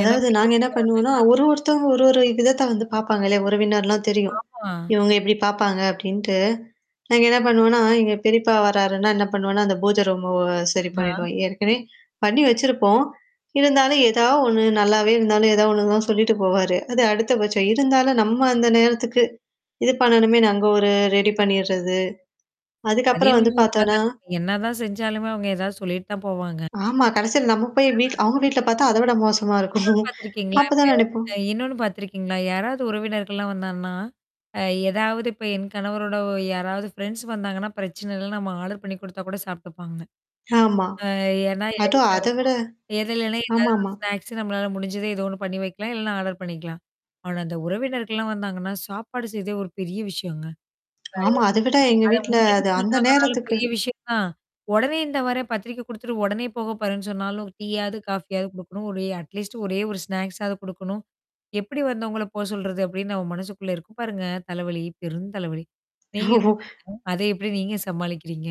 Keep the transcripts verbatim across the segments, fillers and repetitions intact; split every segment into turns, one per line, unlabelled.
ஏன்னா,
நாங்க
பெரியவுங்க
என்ன பண்ணுவோம்ன்னா,
வாராங்கள.
ஒரு ஒருத்தவங்க ஒரு, ஒரு விதத்த வந்து பார்ப்பாங்க இல்லையா? உறவினர்லாம் தெரியும்.
ஆமா.
இவங்க எப்படி பார்பப்பாங்க அப்டின்ட்டு. நாங்க என்ன பண்ணுவேன்னா, எங்க பெரியப்பா வராருன்னா என்ன பண்ணுவேன்னா, அந்த பூஜை ரூம சரி
ஆஹ.
பண்ணிடுவோம். ஏற்கனவே பண்ணி வச்சிருப்போம். இருந்தாலும் ஏதாவது ஒண்ணு நல்லாவே இருந்தாலும் ஏதாவது ஒண்ணு தான் சொல்லிட்டு போவாரு. அது அடுத்தபட்சம். இருந்தாலும் நம்ம அந்த நேரத்துக்கு. இது பண்ணணுமே அங்க ஒரு ரெடி பண்ணிறது.
அது
அதுக்கப்புறம் வந்து
என்னமோ
பார்த்தோன்னா
உண்மதான். நீங்க என்னதான் செஞ்சாலுமே அவங்க ஏதாவது சொல்லிட்டு தான் போவாங்க.
ஆமா கடைசியில நம்ம போய்
ஆஹா.
வீட் அவங்க வீட்ல பார்த்தா அத விட மோசமா இருக்கும்.
இன்னொன்னு பார்த்தருக்கீங்களா?
அப்ப
இப்ப
தான் நினைப்போம்.
அ இன்னொன்னு பார்த்தருக்கீங்களா? யாராவது உறவினர்கள்லாம் வந்தான்ன்னா, அ ஏதாவது இப்ப என் கணவரோட யாராவது ஃப்ரெண்ட்ஸ் வந்தாங்கன்னா பிரச்சனை இல்ல. நம்ம ஆர்டர் பண்ணி குடுத்தா கூட சாப்ட்டுப்பாங்க.
ஆமா.
அ ஏன்னா
அதோ
எளிதா
அத விட
இருக்கும். எத இடையில இடையில ஏதாவது
ஆமாமா.
ஸ்நாக்ஸ நம்மளால முடிஞ்சத ஏதோ ஒண்ணு பண்ணி வைக்கலாம். இல்லன்னா ஆர்டர பண்ணிக்கலாம்? ஆனா, அந்த உறவினர்கள்லாம் வந்தாங்கன்னா, சாப்பாடு செய்றதே ஒரு பெரிய விஷயங்க.
ஆமா. அத விட எங்க
ஆ. அத
வீட்ல
முன்னாடி
அது அந்த
சொல்லிட்டாங்கனாலும்
நேரத்துக்கு
பெரிய விஷயம் தான். உடனே இந்தா வறேன். பத்திரிக்க குடுத்துட்டு உடனே போக போறேன்னு சொன்னாலும் டீயாவது, காஃபியாவது குடுக்கணும். ஒரே அட்லீஸ்ட் ஒரே ஒரு ஸ்நாக்ஸாவது குடுக்கணும். எப்படி வந்தவங்கள போக சொல்றது அப்டின்னு நம்ம மனசுக்குள்ள இருக்கும் பாருங்க தலைவலி. பெரும் தலைவலி. நீங்க
ஓ.
சொல்லுங்க. அத எப்படி நீங்க சமாளிக்கிறீங்க?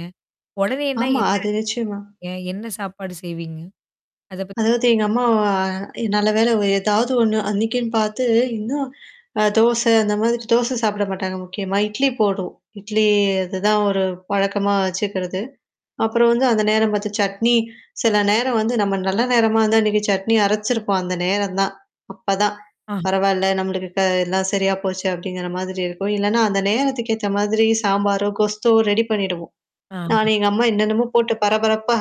உடனேனா
ஆமா.
என்ன
அது
ரெசிபி
நிச்சயமா.
செய்வீங்க? அ என்ன சாப்பாடு செய்வீங்க? அத பத்தி சொ
அதாவது எங்க அம்மா நல்ல வேல ஏதாவது ஒண்ணு அன்னைக்குன்னு பார்த்து, இன்னும் அ தோசை அந்த மாதிரி தோசை சாப்பிட மாட்டாங்க முக்கியமா, இட்லி போதும். இட்லி அதுதான் ஒரு பழக்கமா வச்சுக்கிறது. அப்புறம் வந்து அந்த நேரம் பார்த்து சட்னி, சில நேரம் வந்து நம்ம நல்ல நேரமா வந்து இன்னைக்கு சட்னி அரைச்சிருப்போம் அந்த நேரம் தான். அப்பதான்.
ஆ.
பரவால்ல. நம்மளுக்கு க எல்லாம் சரியா போச்சு அப்படிங்கிற மாரி இருக்கும். இல்லன்னா அந்த நேரத்துக்கு ஏத்த மாதிரி சாம்பாரோ, கொஸ்தோ ரெடி பண்ணிடுவோம்.
ஆமா.
நான எங்க அம்மா என்னென்னமோ போட்டு பரபரப்பா,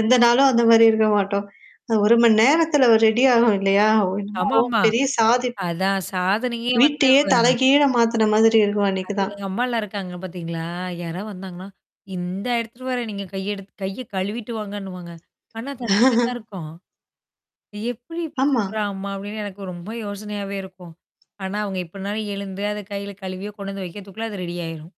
எந்த நாளும் அந்த மாரி இருக்க மாட்டோம். அ ஒரு மணி நேரத்தல ஒரு ரெடி ஆகும் இல்லையா, என்னமோ
ஆமாமா.
பெரிய சாதிப்
அதான் சாதனையே வந்து
வீட்டயே
வ
தலைகீழ மாத்துன மாதிரி இருக்கும் அன்னைக்கு
அது
தான்.
எங்க அம்மாலாம் இருக்காங்க பார்த்தீங்களா? யாராவது வந்தாங்கன்னா? "இந்தா எடுத்துட்டு வாரேன். நீங்க கைய எடுத்து கைய கழுவிட்டு வாங்கன்னுவாங்க." ஆனா தண்ணியா தான் இருக்கும். எப்படி இப்படி?
ஆமா.
சொல்றாங்க அம்மா? அப்டின்னு எனக்கு ரொம்ப யோசனையாவே இருக்கும். ஆனா, அவுங்க எப்பனாலும் எழுந்து அத கையில கழுவியோ கொண்டு வந்து வைக்கத்துக்குள்ள அது ரெடி ஆயிரும்.